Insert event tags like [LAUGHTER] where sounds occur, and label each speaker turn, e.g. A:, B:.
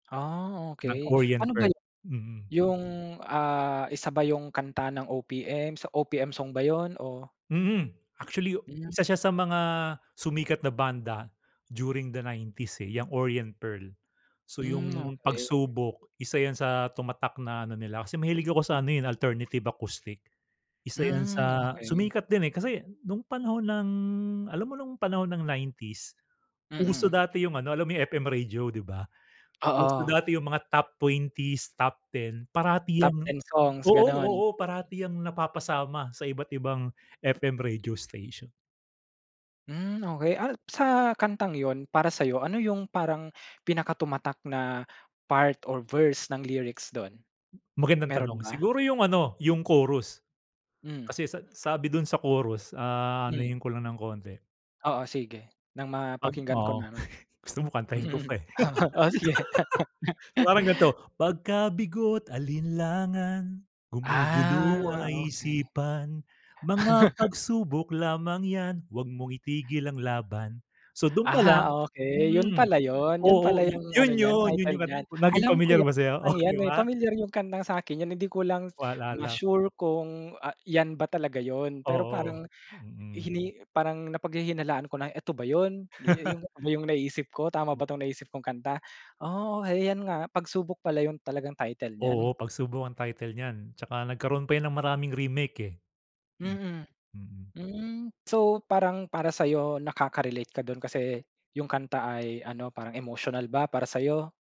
A: Ah,
B: Ng
A: okey,
B: Orient
A: ano ba
B: Pearl.
A: 'yun
B: Mm.
A: 'yung ah, isa ba 'yung kanta ng OPM sa OPM song ba 'yon? O
B: Mhm. Actually,
A: Hmm.
B: isa siya sa mga sumikat na banda during the 90s eh, 'yang Orient Pearl. So
A: Hmm,
B: 'yung,
A: [TSK] okey.
B: "Pagsubok" isa 'yan sa tumatak na ano nila kasi mahilig ako sa ano eh, 'yun alternative acoustic. Isa 'yan
A: Hmm,
B: sa
A: okey.
B: sumikat din, eh. Kasi nung panahon ng alam mo nung panahon ng 90s, uso
A: Mm.
B: dati 'yung ano, alam mo 'yung FM radio, 'di ba? Uso
A: Oo.
B: dati 'yung mga top 20s, top 10. Parati
A: Top
B: 'yang
A: 10 songs,
B: oo,
A: ganon.
B: oo, parati 'yang napapasama sa iba't-ibang FM radio station.
A: Hmm. Okey, ah sa kantang yun para sa 'yo, ano yung parang pinaka-tumatak na part or verse ng lyrics dun,
B: Magandang
A: meron
B: tanong.
A: ba?
B: Siguro 'yung ano 'yung chorus,
A: Hmm.
B: kasi sa sabi dun sa chorus, ah,
A: Hmm.
B: anuhin ko lang ng konti
A: Oo sige, nang
B: 'Pag
A: ma-pakinggan ko
B: oo.
A: naman.
B: [CHUCKLES] Gusto mo kantahin ko
A: [CHUCKLES]
B: pa, eh.
A: [LAUGHS] O sige.
B: [LAUGHS] Parang gan'to,
A: [LAUGHS]
B: 'Pagka bigo't alinlangan, gumugulo
A: Ah,
B: ay
A: okey.
B: isipan, mga
A: [LAUGHS]
B: pagsubok lamang 'yan, huwag mong itigil ang laban So, dun pa
A: Ah,
B: lang
A: okey. 'Yon
B: hmm,
A: pala 'yon 'yon pala
B: oo, yun
A: 'yung ano
B: 'yon
A: niyan
B: 'yon 'yung
A: title niyan.
B: naging
A: Alam ko
B: pamilyar
A: 'yang
B: ba sa'yo? O,
A: kantang 'yan
B: di
A: eh,
B: ba?
A: pamilyar 'yung kantang sa akin eh, hindi ko lang
B: Wala lang.
A: ma-sure kung a 'yan ba talaga 'yon. Pero
B: Oo,
A: parang
B: mhm.
A: hini parang napaghihinalaan ko na, "Eto ba 'yon? Dii
B: [LAUGHS]
A: 'yung 'yung na-iisip ko, tama ba 'tong na-isip kong kanta?" Oo, 'yan nga, "Pagsubok" pala 'yun talagang title niyan.
B: Oo. "Pagsubok" ang title nyan. 'Tsaka nagkaroon pa ng maraming remake, eh. Mm,
A: Mm.
B: mm.
A: Hmm. So, parang para sa 'yo, nakaka-relate ka dun kasi 'yung kanta ay ano parang emotional ba, para sa 'yo?